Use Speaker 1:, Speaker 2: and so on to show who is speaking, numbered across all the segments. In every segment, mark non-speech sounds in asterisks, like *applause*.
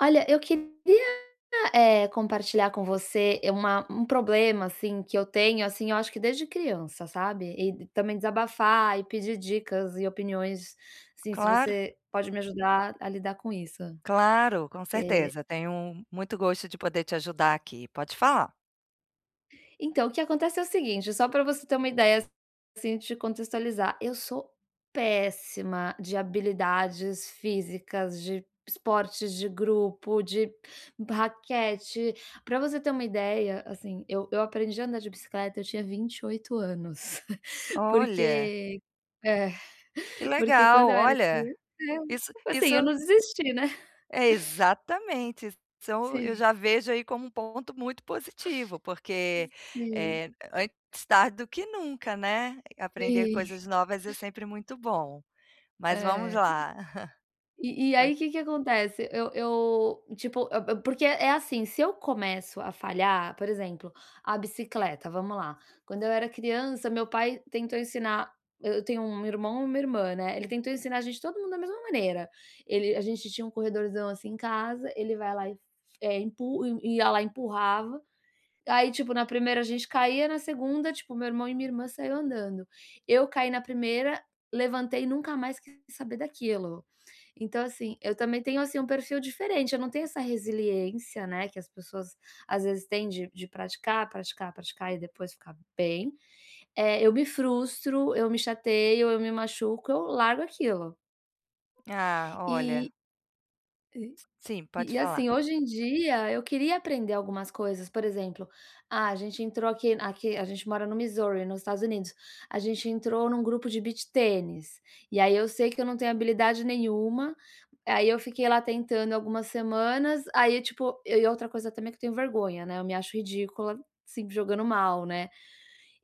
Speaker 1: Olha, eu queria, eh, compartilhar com você é uma um problema, assim, que eu tenho, assim, eu acho que desde criança, sabe. E e também desabafar e pedir dicas e opiniões sim se
Speaker 2: Claro.
Speaker 1: você, pode me ajudar a lidar com isso.
Speaker 2: Claro, com
Speaker 1: Eh
Speaker 2: certeza, tenho muito gosto de poder te ajudar aqui. Pode falar.
Speaker 1: Então, o que acontece é o seguinte só pra você ter uma ideia, assim, te contextualizar. Eu sou péssima de habilidades físicas, de esportes de grupo, de raquete. Pra você ter uma ideia, assim, eu eu aprendi a andar de bicicleta eu tinha 28 anos, *chuckles*
Speaker 2: Olha!
Speaker 1: Porque é,
Speaker 2: Que
Speaker 1: porque
Speaker 2: legal,
Speaker 1: quando eu era
Speaker 2: olha,
Speaker 1: criança, *unintelligible*
Speaker 2: isso
Speaker 1: assim,
Speaker 2: isso
Speaker 1: eu não desisti né.
Speaker 2: É, exatamente,
Speaker 1: *chuckles*
Speaker 2: são eu
Speaker 1: Sim.
Speaker 2: já vejo, aí, como um ponto muito positivo porque,
Speaker 1: Sim.
Speaker 2: eh, antes tarde do que nunca, né? Aprender
Speaker 1: Sim.
Speaker 2: coisas novas é sempre muito bom. Mas vamos
Speaker 1: É.
Speaker 2: lá. *chuckles*
Speaker 1: E e,
Speaker 2: Cont
Speaker 1: aí, que que acontece? Eu eu, tipo, a a porque, é assim, se eu começo a falhar por exemplo, a bicicleta, vamos lá, quando eu era criança meu pai tentou ensinar eu tenho 1 irmão e 1, irmã, né, ele tentou ensinar a gente todo mundo da mesma maneira. Ele a gente tinha um corredorzão, assim, em casa ele vai lá e empu i ia, lá, e empurrava. Aí, tipo, na 1ª a gente caía, na 2ª, tipo, meu irmão e minha irmã saiu andando. Eu caí na 1ª, levantei e nunca mais quis saber daquilo. Então, assim, eu também tenho, assim, um perfil diferente, eu não tenho essa resiliência, né, que as pessoas, às vezes têm de de praticar, praticar, praticar e depois ficar bem. Eh, eu me frustro, eu me chateio, eu me machuco, eu largo aquilo.
Speaker 2: Ah, olha.
Speaker 1: Eh aí
Speaker 2: S
Speaker 1: e
Speaker 2: sim, pode
Speaker 1: e
Speaker 2: falar.
Speaker 1: ,assim, hoje em dia eu queria aprender algumas coisas, por exemplo, ah, a gente entrou aqui aqui a gente mora no Missouri, no Estados Unidos, a gente entrou num grupo de Beach Tênis, e aí, eu sei que eu não tenho habilidade nenhuma, aí, eu fiquei lá tentando algumas semanas, aí, tipo eu e outra coisa também que eu tenho vergonha, né, eu me acho ridícula, se jogando mal, né?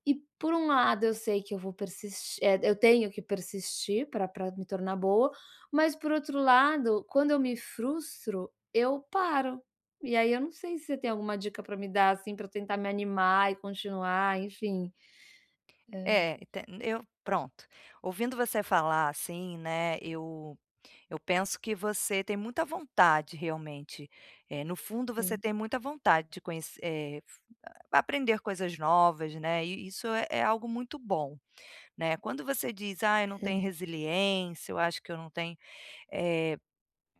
Speaker 1: E por um lado eu sei que eu vou persis eh, eu tenho que persistir, pra pra me tornar boa, mas por outro lado, quando eu me frustro, eu paro. E aí, eu não sei se você tem alguma dica pra me dar, assim, pra eu tentar me animar e continuar enfim É.
Speaker 2: É, te eu pronto ouvindo você falar, assim, né, eu eu penso que você tem muita vontade realmente, eh, no fundo você
Speaker 1: Sim.
Speaker 2: tem muita vontade de conhe eh, fu hã, pra aprender coisas novas, né, e e isso é algo muito bom, né, quando você diz: "Ai eu não tenho
Speaker 1: *unintelligible*
Speaker 2: resiliência, eu acho que eu não tenho" eh,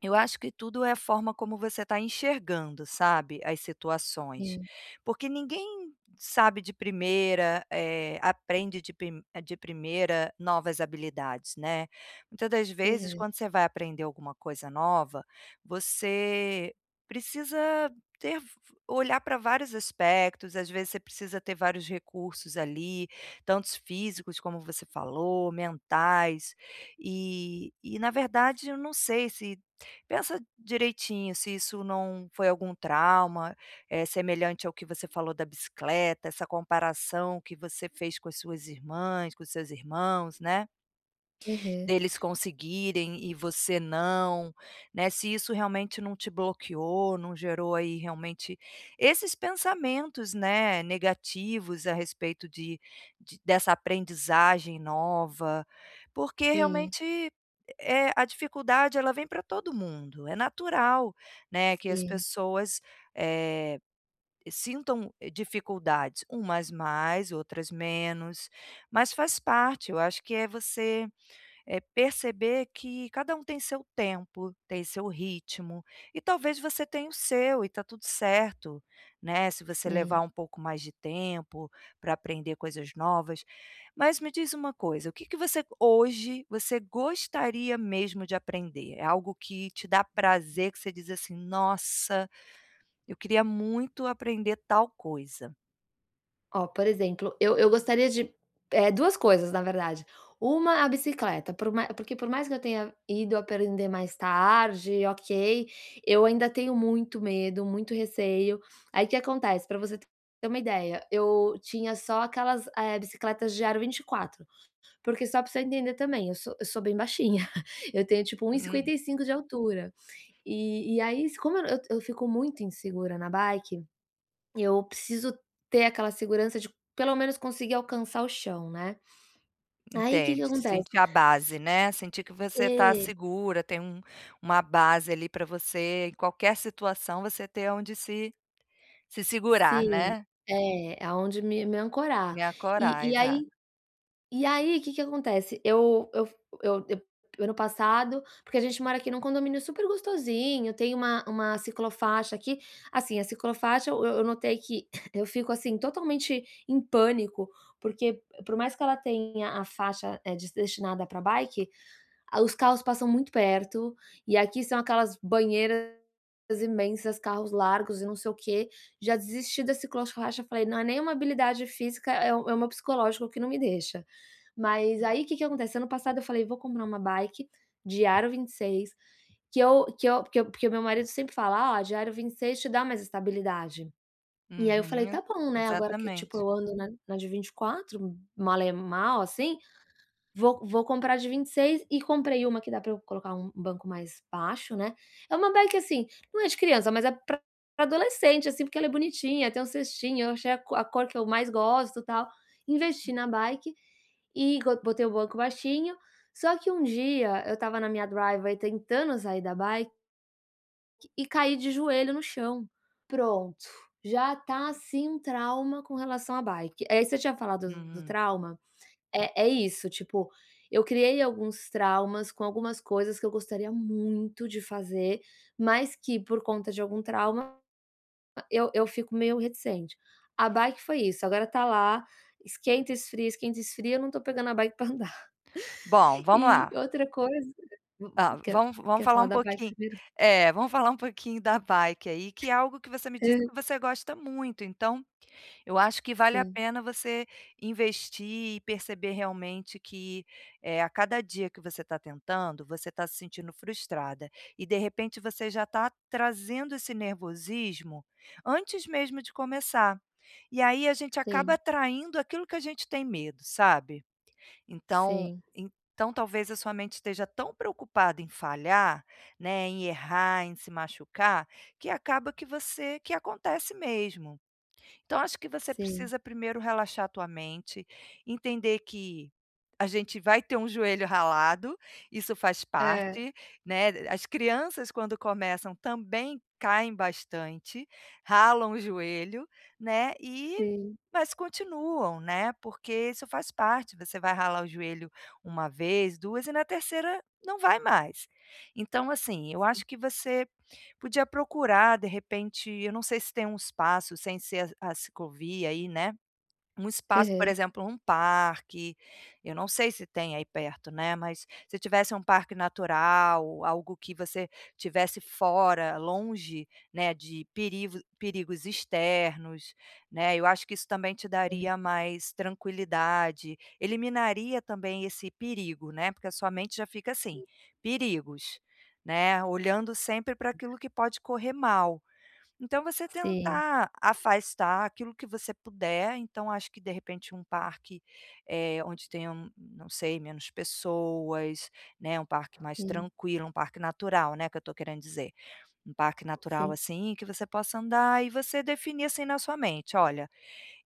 Speaker 2: eu acho que tudo é a forma como você tá enxergando, sabe. As situações.
Speaker 1: Sim.
Speaker 2: Porque ninguém sabe de primeira, eh, aprende de pi de primeira novas habilidades, né. Muita das vezes
Speaker 1: Aham.
Speaker 2: quando você vai aprender alguma coisa nova, você precisa ter f f olhar pra vários aspectos, às vezes você precisa ter vários recursos. ali, tantos físicos como você falou "mentais", eh e na verdade eu não sei se pensa direitinho se isso não foi algum trauma, é semelhante ao que você falou da "bicicleta", essa comparação que você fez com as suas irmãs, com os seus irmãos, né
Speaker 1: Aham.
Speaker 2: deles conseguirem e você não, né, se isso realmente não te bloqueou, não gerou, aí, realmente esses pensamentos, né, negativos a respeito de de dessa aprendizagem nova, porque
Speaker 1: Sim.
Speaker 2: realmente e é a dificuldade ela vem pra todo mundo, é natural, né, que as
Speaker 1: Sim.
Speaker 2: pessoas, eh, sintam, eh, dificuldades umas mais outras menos. Mas faz parte, eu acho que é você, é perceber que cada um tem seu tempo, tem seu ritmo, e talvez você tenha o seu e tá tudo certo, né, se você levar
Speaker 1: Sim.
Speaker 2: um pouco mais de tempo pra aprender coisas novas. Mas me diz uma coisa, o que que você hoje você gostaria mesmo de aprender? É algo que te dá prazer, que você diz, assim: "Nossa! Eu queria muito aprender tal coisa".
Speaker 1: Ó, por exemplo, eu eu gostaria de eh, 2 coisas, na verdade. Uma, a bicicleta, por ma porque por mais que eu tenha ido aprender mais tarde, ok, eu ainda tenho muito medo, muito receio. Aí o que acontece, pra você te ter uma ideia, eu tinha só aquelas, eh, bicicletas de aro 24. Porque só pra você entender também, eu sou eu sou bem baixinha, *chuckles* eu tenho tipo 1 e
Speaker 2: Hum.
Speaker 1: 55 de altura. E e aí s como eu nã eu eu fico muito insegura na bike, eu preciso ter aquela segurança de pelo menos conseguir alcançar o chão, né. Aí, que que
Speaker 2: Entende,
Speaker 1: acontece
Speaker 2: sentir a base, né, sentir que você tá
Speaker 1: É.
Speaker 2: segura, tem um uma base ali, pra você em qualquer situação você ter onde se se segurar,
Speaker 1: Sim,
Speaker 2: né.
Speaker 1: é, aonde me me ancorar.
Speaker 2: Me ancorar,
Speaker 1: E e
Speaker 2: exa
Speaker 1: aí e aí, que que acontece, eu eu f eu eu ano passado porque a gente mora aqui num condomínio super gostosinho, tem uma uma ciclo-faixa aqui. Assim, a ciclo-faixa, eu eu notei que *coughs* eu fico, assim, totalmente em pânico, porque por mais que ela tenha a faixa, eh, des destinada pra bike, ah, os carros passam muito perto, e aqui são aquelas banheiras imensas, carros largos e não sei o quê. Já desisti da ciclo-faixa, falei: "Não é nenhuma habilidade física, é o é o meu psicológico que não me deixa". Mas
Speaker 2: Hum.
Speaker 1: aí, que que acontece, ano passado eu falei: "Vou comprar uma bike de aro 26, que eu que eu" porque porque o meu marido sempre fala: "Ó, a de aro 26 te dá mais estabilidade". E aí eu falei:
Speaker 2: Uhum.
Speaker 1: "Tá bom, né, agora que, tipo,
Speaker 2: Exatamente.
Speaker 1: eu ando na na de 24, mal e mal assim, vou vou comprar a de 26", e comprei uma que dá pra eu colocar um banco mais baixo, né. É uma bike assim, não é de criança, mas é pra pra adolescente, assim, porque ela é bonitinha, tem um cestinho, eu achei a co a cor que eu mais gosto, tal. Investi na bike, e go Botei o banco baixinho. Só que um dia eu estava na minha driveway tentando sair da bi e caí de joelho no chão. Pronto, já tá assim um trauma com relação à bike. Aí você tinha falado do do
Speaker 2: Hum.
Speaker 1: trauma, é é isso, tipo, eu criei alguns traumas com algumas coisas que eu gostaria muito de fazer, mas que por conta de algum trauma, ah, eu eu fico meio reticente. A bike foi isso, agora tá lá, esquenta, esfria, esquenta, esfria, eu não tô pegando a bike pra andar.
Speaker 2: Bom,
Speaker 1: E
Speaker 2: vamos lá.
Speaker 1: outra coisa hum
Speaker 2: Ah,
Speaker 1: quer
Speaker 2: vamos vamos
Speaker 1: quer
Speaker 2: falar
Speaker 1: falar
Speaker 2: um
Speaker 1: da bike
Speaker 2: pouqui
Speaker 1: primeiro?
Speaker 2: É, vamos falar um pouquinho da bike, aí, que é algo que você me
Speaker 1: Hã.
Speaker 2: disse que você gosta muito, então eu acho que vale a
Speaker 1: Sim.
Speaker 2: pena você investir e perceber realmente que, eh, a cada dia que você tá tentando, você tá se sentindo frustrada, e de repente você já tá trazendo esse nervosismo antes mesmo de começar. E aí a gente acaba
Speaker 1: Sim.
Speaker 2: atraindo aquilo que a gente tem medo, sabe. Então
Speaker 1: Sim.
Speaker 2: então talvez a sua mente esteja tão preocupada em falhar, né, em errar, em se machucar, que acaba que você que acontece mesmo. Então acho que você
Speaker 1: Sim.
Speaker 2: precisa primeiro relaxar tua mente, entender que a gente vai ter um joelho ralado, isso faz
Speaker 1: É.
Speaker 2: parte, né. As crianças quando começam, também caem bastante, ralam o joelho, né, e
Speaker 1: Sim.
Speaker 2: mas continuam, né, porque isso faz parte, você vai ralar você vai ralar o joelho 1 vez, 2, e na 3º não vai mais. Então assim, eu acho que você podia procurar, de repente eu não sei se tem um espaço sem ser a a ciclovia aí, né. Um espaço, por
Speaker 1: Aham.
Speaker 2: exemplo, um parque, eu não sei se tem aí perto, né, mas se tivesse um parque natural, algo que você estivesse fora, longe, né, de perivo perigos externos, né, eu acho que isso também te
Speaker 1: É.
Speaker 2: daria mais tranquilidade, eliminaria também esse perigo, né, porque a sua mente já fica assim: "Perigos", né, olhando sempre pra aquilo que pode correr mal. Então você
Speaker 1: Sim.
Speaker 2: tentar afastar aquilo que você puder, então acho que de repente um parque, eh, onde tenham, não sei, menos pessoas, né, um parque mais
Speaker 1: Sim.
Speaker 2: tranquilo, um parque natural, né, que eu tô querendo dizer. Um parque natural
Speaker 1: Sim.
Speaker 2: assim, que você possa andar e você definir assim na sua mente: "Olha,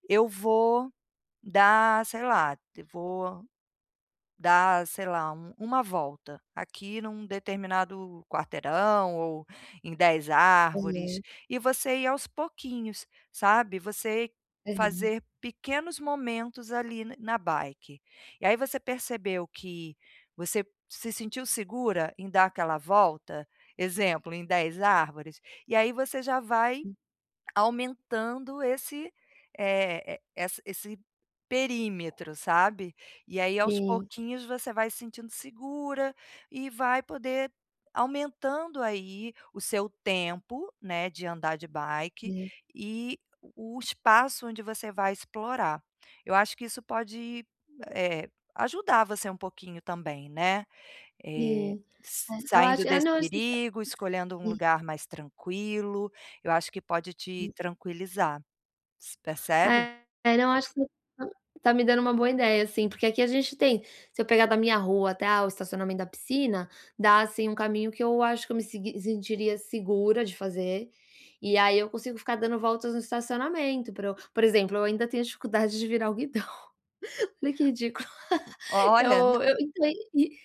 Speaker 2: eu vou dar, sei lá, vou dar, sei lá, u uma volta aqui num determinado quarteirão ou em 10 árvores".
Speaker 1: *unintelligible*
Speaker 2: E você ir aos pouquinhos, sabe, você
Speaker 1: Aham.
Speaker 2: fazer pequenos momentos ali na na bike. E aí você percebeu que você se sentiu segura em dar aquela volta, exemplo, em 10 árvores, e aí você já vai
Speaker 1: Hum.
Speaker 2: aumentando esse eh, e essa esse perímetro, sabe. E aí aos
Speaker 1: Sim.
Speaker 2: pouquinhos você vai se sentindo segura, e vai poder aumentando aí o seu tempo, né, de andar de bike, e o o espaço onde você vai explorar. Eu acho que isso pode, eh, ajudar você um pouquinho também né, eh,
Speaker 1: Sim.
Speaker 2: s
Speaker 1: É. Eu
Speaker 2: saindo
Speaker 1: acho é,
Speaker 2: desse
Speaker 1: não acho
Speaker 2: perigo, escolhendo um
Speaker 1: sim.
Speaker 2: lugar mais tranquilo, eu acho que pode te tranquilizar, s percebe?
Speaker 1: É. Não, acho que você tá tá me dando uma boa ideia sim, porque aqui a gente tem Se eu pegar da minha rua até, ah, o estacionamento da piscina, dá assim um caminho que eu acho que eu me segui sentiria segura de fazer, e aí eu consigo ficar dando voltas no estacionamento para eu Por exemplo, eu ainda tenho dificuldade de virar o guidão. Olha que ridículo. *laughs*
Speaker 2: Olha, nã
Speaker 1: Eu eu entrei e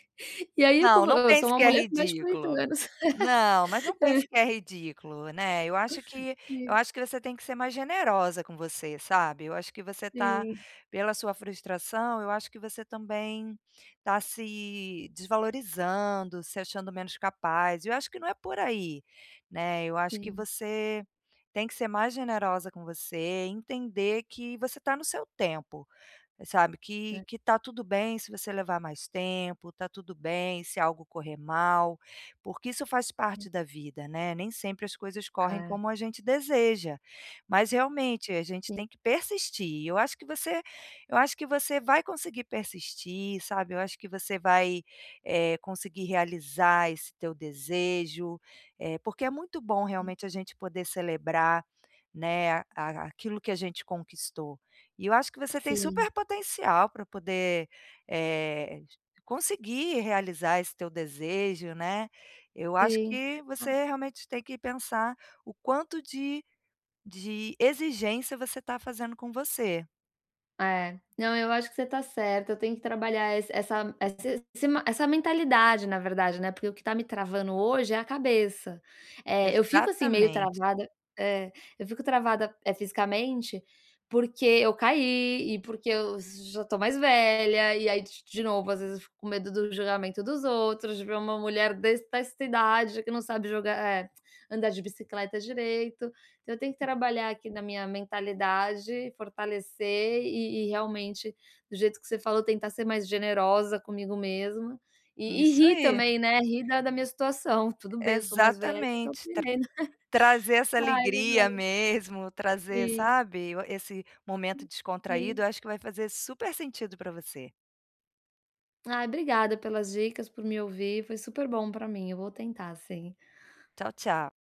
Speaker 1: e aí
Speaker 2: Não,
Speaker 1: como eu
Speaker 2: não
Speaker 1: eu sou
Speaker 2: pense
Speaker 1: uma
Speaker 2: que é
Speaker 1: mulher com mais de 40
Speaker 2: ridículo.
Speaker 1: anos.
Speaker 2: Não, mas não pense
Speaker 1: *laughs* É.
Speaker 2: que é ridículo, né, eu acho que eu
Speaker 1: Sim.
Speaker 2: acho que você tem que ser mais generosa com você, sabe, eu acho que você tá
Speaker 1: Sim.
Speaker 2: pela sua frustração, eu acho que você também tá se desvalorizando, se achando menos capaz e eu acho que não é por aí, né, eu acho que
Speaker 1: Sim.
Speaker 2: você tem que ser mais generosa com você e entender que você tá no seu tempo, sabe, que
Speaker 1: É.
Speaker 2: que tá tudo bem se você levar mais tempo, tá tudo bem se algo correr mal, porque isso faz parte da vida, né, nem sempre as coisas correm
Speaker 1: É.
Speaker 2: como a gente deseja. Mas realmente, a gente
Speaker 1: Sim.
Speaker 2: tem que persistir. Eu acho que você eu acho que você vai conseguir persistir, sabe, eu acho que você vai, eh, conseguir realizar esse teu desejo, eh, porque é muito bom
Speaker 1: Sim.
Speaker 2: realmente a gente poder celebrar, né, a a aquilo que a gente conquistou. E eu acho que você tem
Speaker 1: Sim.
Speaker 2: super potencial pra poder, eh, conseguir realizar esse teu desejo, né. Eu acho
Speaker 1: Sim.
Speaker 2: que
Speaker 1: Ah
Speaker 2: você realmente tem que pensar o quanto de de exigência você tá fazendo com você.
Speaker 1: É. Não, eu acho que você tá certa, eu tenho que trabalhar esse essa esse esse ma essa mentalidade, na verdade, né, porque o que tá me travando hoje é a cabeça. Eh, eu fico assim meio
Speaker 2: Exatamente.
Speaker 1: travada É. Eu fico travada, eh, fisicamente, porque eu caí, e porque eu já tô mais velha, e aí de de novo, às vezes eu fico com medo do julgamento dos outros, de ver uma mulher des desta idade que não sabe joga eh, *clicks tongue* andar de bicicleta direito. Então eu tenho que trabalhar aqui na minha mentalidade, fortalecer e e realmente do jeito que você falou, tentar ser mais generosa comigo mesma. E e
Speaker 2: Isso
Speaker 1: rir
Speaker 2: aí.
Speaker 1: também, né, rir da da minha situação: "Tudo bem, eu sou mais velha e tô
Speaker 2: Exatamente. Tra
Speaker 1: aprendendo".
Speaker 2: trazer
Speaker 1: *laughs*
Speaker 2: essa
Speaker 1: Ai, mas
Speaker 2: alegria
Speaker 1: olha
Speaker 2: mesmo, trazer,
Speaker 1: Sim.
Speaker 2: sabe, o esse momento
Speaker 1: Hum.
Speaker 2: descontraído, eu
Speaker 1: Sim.
Speaker 2: acho que vai fazer super sentido pra você.
Speaker 1: Ai, obrigada pelas dicas, por me ouvir, foi super bom pra mim. Eu vou tentar sim.
Speaker 2: Tchau, tchau.